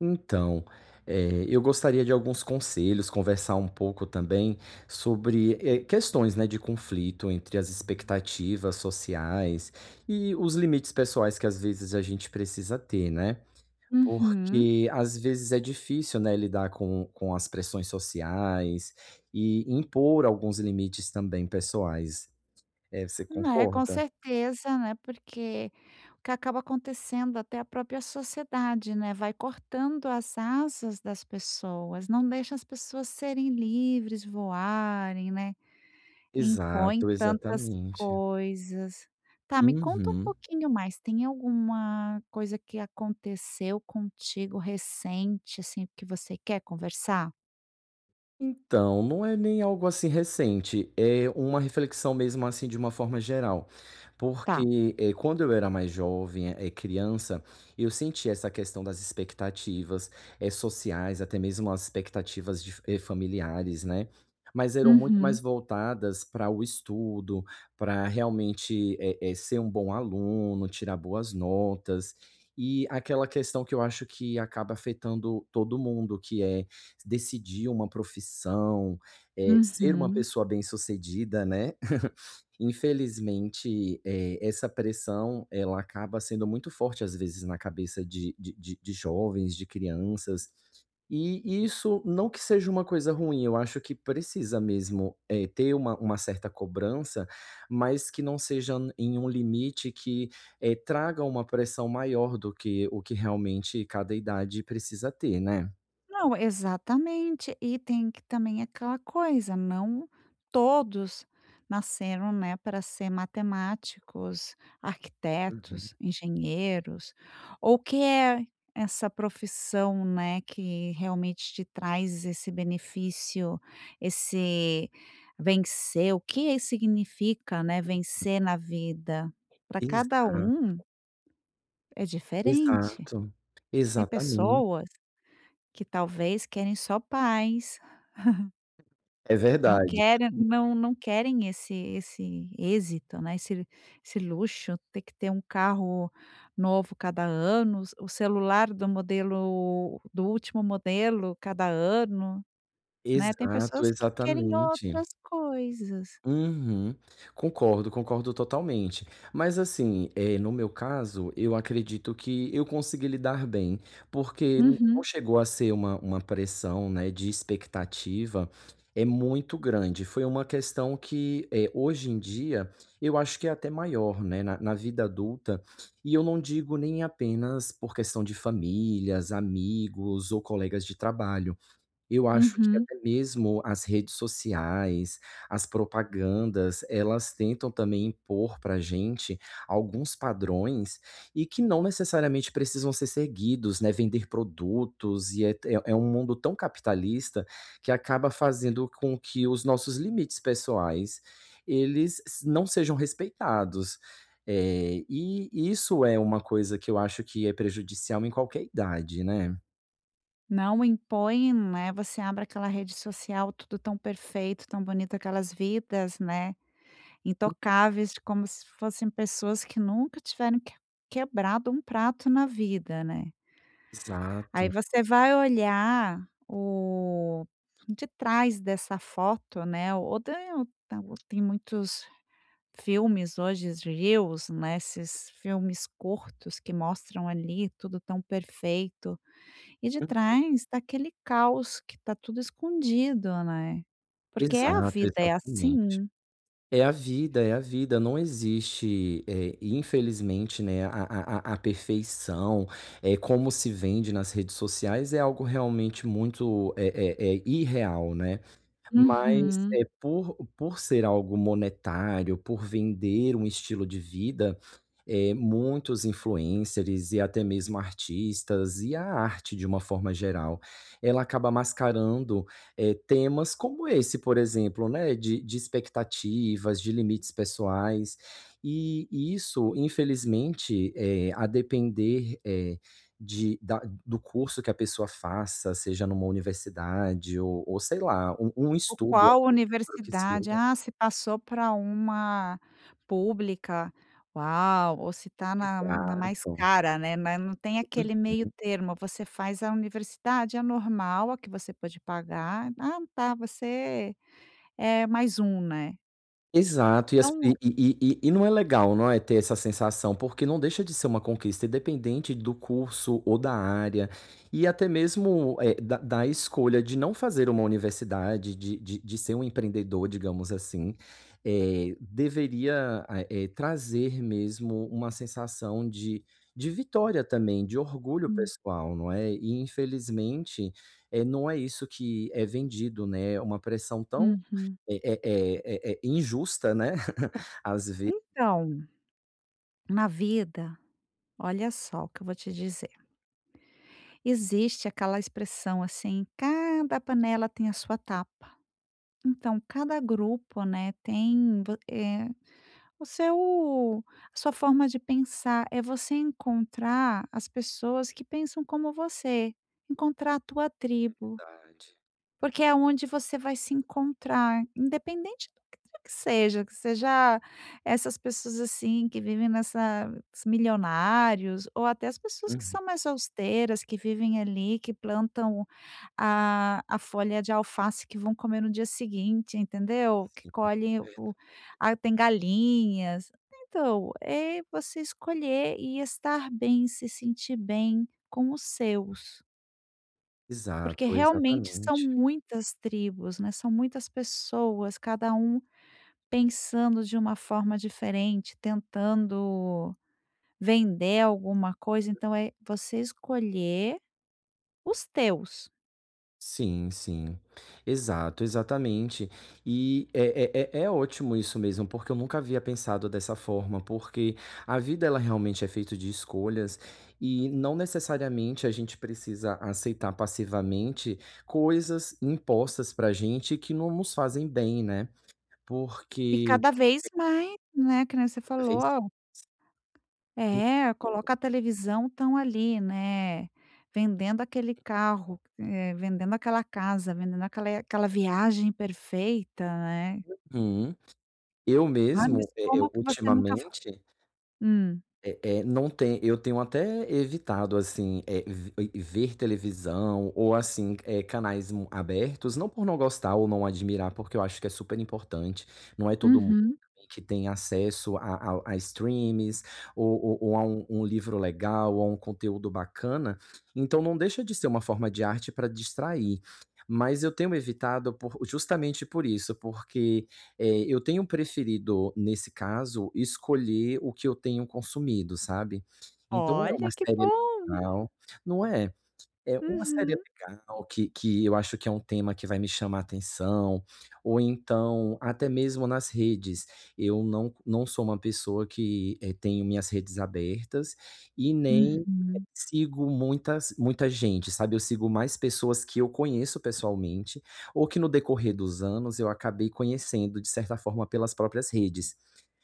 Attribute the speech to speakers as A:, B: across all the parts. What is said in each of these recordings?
A: Então, eh, eu gostaria de alguns conselhos, conversar um pouco também sobre, eh, questões, né, de conflito entre as expectativas sociais e os limites pessoais que às vezes a gente precisa ter, né,
B: Uhum.
A: porque, às vezes é difícil, né, lidar com com as pressões sociais e impor alguns limites também pessoais. Eh, você
B: Né, com
A: concorda?
B: certeza, né, porque o que acaba acontecendo, até a própria sociedade, né, vai cortando as asas das pessoas, não deixa as pessoas serem livres, voarem, né, impõem
A: Exato,
B: tantas
A: exatamente.
B: coisas. Tá, me conta um
A: Uhum.
B: pouquinho mais, tem alguma coisa que aconteceu contigo recente, assim, que você quer conversar?
A: Então, não é nem algo, assim, recente. É uma reflexão, mesmo assim, de uma forma geral.
B: Tá.
A: Porque, eh, quando eu era mais jovem, eh, criança, eu sentia essa questão das expectativas, eh, sociais, até mesmo as expectativas de fa eh, familiares, né, mas eram muito
B: Uhum.
A: mais voltadas para o estudo, para realmente, eh eh, ser um bom aluno, tirar boas notas e aquela questão que eu acho que acaba afetando todo mundo, que é: decidir uma profissão, eh, ser uma
B: Uhum.
A: pessoa bem-sucedida, né. Infelizmente, eh, essa pressão ela acaba sendo muito forte, às vezes na cabeça de de de de jovens, de crianças, e isso, não que seja uma coisa ruim, eu acho que precisa mesmo, eh, ter uma uma certa cobrança, mas que não seja n em um limite que, eh, traga uma pressão maior do que, o que realmente cada idade precisa ter, né.
B: Não, exatamente e tem que também aquela coisa, não todos nasceram, né, para ser matemáticos,
A: Uhum.
B: arquitetos, engenheiros ou que é essa profissão, né, que realmente te traz esse benefício esse vencer, o que isso significa, né, vencer na vida pra cada
A: Exato.
B: um é diferente,
A: Exato,
B: tem
A: exatamente.
B: pessoas que talvez querem só paz.
A: É
B: Não
A: verdade.
B: querem, não não querem esse esse êxito, né, esse esse luxo, tem que ter um carro novo cada ano, o o celular do modelo do último modelo cada ano, né, tem
A: Exato,
B: pessoas que querem
A: exatamente.
B: outras coisas.
A: Uhum concordo, concordo totalmente, mas assim, eh, no meu caso, eu acredito que eu consegui lidar bem, porque não
B: Uhum.
A: chegou a ser uma uma pressão, né, de expectativa, é muito grande, foi uma questão que é, hoje em dia, eu acho que é até maior, né, na na vida adulta e eu não digo nem apenas por questão de famílias, amigos ou colegas de trabalho. Eu acho que
B: Uhum.
A: até mesmo as redes sociais, as propagandas, elas tentam também, impor para a gente alguns padrões e que não necessariamente precisam ser seguidos, né, vender produtos e é te é é um mundo tão capitalista que acaba fazendo com que os nossos limites pessoais, eles se não sejam respeitados, eh, e isso é uma coisa que eu acho que é prejudicial em qualquer idade, né?
B: Não impõem, né, você abre aquela rede social, tudo tão perfeito, tão bonito aquelas vidas, né, intocáveis, de como se fossem pessoas que nunca tiveram que quebrado um prato na vida, né. Aí
A: Exato.
B: você vai olhar o detrás dessa foto, né, ou tem tem muitos filmes hoje de Reels, né, esses filmes curtos que mostram ali tudo tão perfeito e
A: Aham.
B: detrás está aquele caos que está tudo escondido, né, porque, é, a
A: Exato,
B: vida é
A: exatamente.
B: assim.
A: É a vida, é a vida, não existe, eh, infelizmente, né, a a a a perfeição, eh, como se vende nas redes sociais é algo realmente muito é é é irreal, né, mas,
B: Uhum.
A: eh, por por ser algo monetário, por vender um estilo de vida, eh, muitos influencers e até mesmo artistas e a arte de uma forma geral, ela acaba mascarando, eh, temas como esse, por exemplo, né, de de expectativas, de limites pessoais, e e isso, infelizmente, eh, a depender, eh, de da do curso que a pessoa faça, seja numa universidade, ou ou sei lá, um um
B: Ou
A: estudo
B: qual
A: para o que
B: universidade,
A: seja.
B: ah, se passou pra uma pública, uau, ou se está na na mais
A: Exato.
B: cara, né, mas não tem aquele meio
A: Uhum.
B: termo. Você faz a universidade, a normal, a que você pôde pagar: "Ah, tá, você é mais um", né.
A: Exato, e as e
B: Então
A: e e e e não é legal, não é? Ter essa sensação. Porque não deixa de ser uma conquista, independente do curso ou da área e até mesmo, eh, da da escolha de não fazer uma universidade de de de ser um empreendedor, digamos assim. Eh, deveria a eh, trazer mesmo uma sensação de de vitória também, de orgulho
B: Hum.
A: pessoal, não é? E, infelizmente, eh, não é isso que é vendido, né. Uma pressão tão
B: Uhum.
A: eh eh eh eh eh injusta, né, às ve
B: Então, na vida olha só o que eu vou te dizer existe aquela expressão assim: "Cada panela tem a sua tapa". Então, cada grupo, né, tem vo eh, o seu a sua forma de pensar. É você encontrar as pessoas que pensam como você, encontrar a tua tribo,
A: Verdade.
B: porque é aonde você vai se encontrar, independente do que quer que seja, que seja essas pessoas, assim, que vivem nessa milionários ou até as pessoas que
A: Uhum.
B: são mais austeras que vivem ali, que plantam a a folha de alface que vão comer no dia seguinte, entendeu, que
A: Sim, é
B: colhe o
A: verdade.
B: "Ah, tem galinhas", então, é você escolher e estar bem, se sentir bem com os seus. Porque
A: Exato,
B: realmente são
A: exatamente.
B: muitas tribos, né. São muitas pessoas, cada um pensando de uma forma diferente, tentando vender alguma coisa. Então, é você escolher, os teus.
A: Sim, sim, exato, exatamente e é é é é ótimo isso mesmo, porque eu nunca havia pensado dessa forma, porque a vida ela realmente é feito de escolhas. E não necessariamente a gente precisa aceitar passivamente, coisas impostas para a gente que não nos fazem bem, né,
B: E
A: porque
B: cada
A: é
B: vez mais, né, que nem você
A: Cada vez mais.
B: falou É coloca a televisão, estão ali, né. Vendendo aquele carro, eh, vendendo aquela casa, vendendo aquela aquela viagem perfeita, né.
A: Uhum, eu
B: Ah, mas
A: mesmo, eh eh,
B: como que você nunca foi.
A: ultimamente
B: Hum.
A: é é, não tem eu tenho até evitado assim, é ve ver televisão ou assim, eh, canais mu abertos, não por não gostar ou não admirar, porque eu acho que é super importante. Não é todo mundo
B: Uhum.
A: também que tem acesso a a a streamings ou ou ou a um um livro legal ou a um conteúdo bacana, então não deixa de ser uma forma de arte para distrair, mas eu tenho evitado por justamente por isso, porque, eh, eu tenho preferido, nesse caso, escolher o que eu tenho consumido, sabe, então é uma
B: Olha que
A: série
B: bom.
A: legal, não é. É uma série
B: Uhum.
A: legal que que eu acho que é um tema que vai me chamar a atenção ou então até mesmo nas redes eu não não sou uma pessoa que é, tenho minhas redes abertas e nem
B: Uhum.
A: sigo muitas muita gente, sabe. Eu sigo mais pessoas que eu conheço pessoalmente ou que no decorrer dos anos, eu acabei conhecendo de certa forma pelas próprias redes,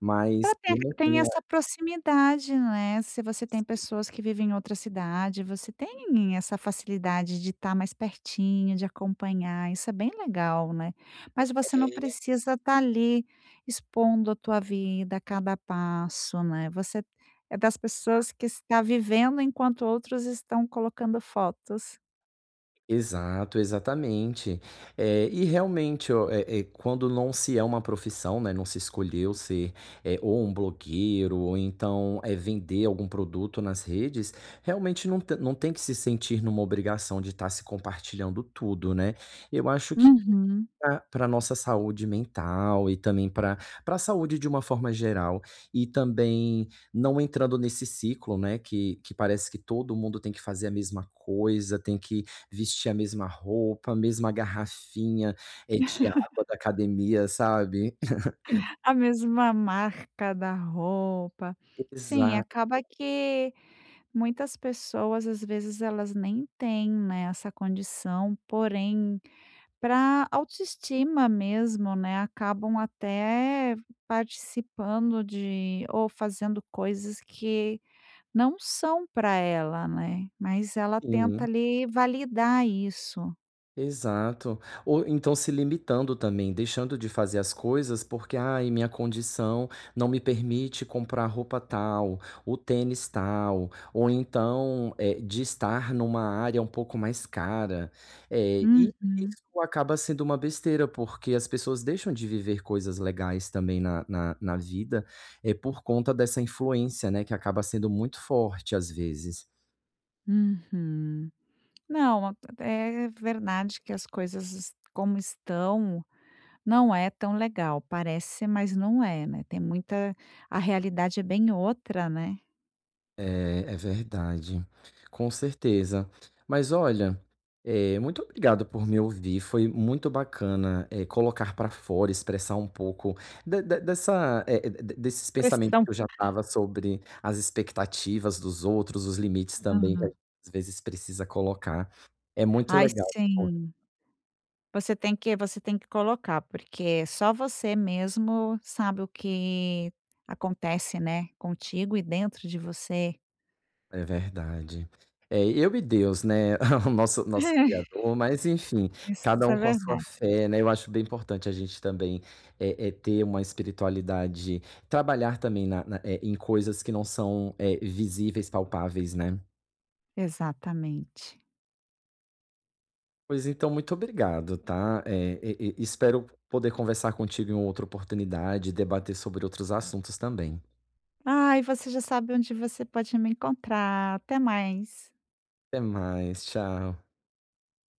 A: mas
B: Pra ter
A: eu não
B: tem
A: tenho
B: essa proximidade, né. Se você tem pessoas que vivem em outra cidade, você tem essa facilidade de estar mais pertinho, de acompanhar. Isso é bem legal, né.
A: É
B: Mas você não
A: é.
B: precisa estar ali expondo a tua vida a cada passo, né. Você é das
A: Exa
B: pessoas que está vivendo, enquanto outros estão colocando fotos.
A: Exato, exatamente, eh, e realmente o é é quando não se é uma profissão, né, não se escolheu se, eh, ou um blogueiro, ou então é vender algum produto nas redes realmente não te não tem que se sentir numa obrigação de estar se compartilhando tudo, né. Eu acho que
B: Uhum.
A: pra pra a nossa saúde mental e também pra pra a saúde de uma forma geral e também não entrando nesse ciclo, né, que que parece que todo mundo tem que fazer a mesma coisa. Tem que vestir a mesma roupa, a mesma garrafinha, eh, de água da academia, sabe?
B: A mesma marca da roupa, sim,
A: Exato.
B: acaba que muitas pessoas, às vezes, elas nem têm, né, essa condição, porém, pra autoestima mesmo, né. Acabam até participando de ou fazendo coisas que não são pra ela, né, mas ela tenta
A: Uhum.
B: ali, validar isso.
A: Exato, ou então se limitando também, deixando de fazer as coisas, porque "Ai minha condição não me permite comprar roupa tal, o tênis tal" ou então, eh, de estar numa área um pouco mais cara, eh, e
B: Uhum.
A: isso acaba sendo uma besteira, porque as pessoas deixam de viver coisas legais também na na na vida, é por conta dessa influência, né, que acaba sendo muito forte, às vezes.
B: Uhum, não a é é verdade que as coisas como estão, não é tão legal, parece, mas não é, né, tem muita A realidade é bem outra, né?
A: É, é verdade, com certeza. Mas olha, eh, muito obrigado por me ouvir. Foi muito bacana, é colocar para fora, expressar um pouco de de dessa é, de desses pensamentos
B: Pressão.
A: que eu já estava, sobre as expectativas dos outros. Os limites também que
B: Uhum.
A: às vezes precisa colocar é muito
B: Ai
A: legal.
B: sim. Você tem que você tem que colocar, porque só você mesmo sabe o que acontece, né, contigo e dentro de você.
A: É verdade, eh, eu e Deus, né, o nosso nosso
B: É.
A: criador, mas enfim, cada
B: Isso é
A: um com a sua
B: verdade.
A: fé, né. Eu acho bem importante a gente também é é ter uma espiritualidade, trabalhar também na na, eh, em coisas que não são, eh, visíveis, palpáveis, né?
B: Exatamente.
A: Pois então, muito obrigado, tá, eh, e e espero poder conversar contigo em outra oportunidade e debater sobre outros assuntos também.
B: Ai, você já sabe onde você pode me encontrar, até mais.
A: Até mais, tchau.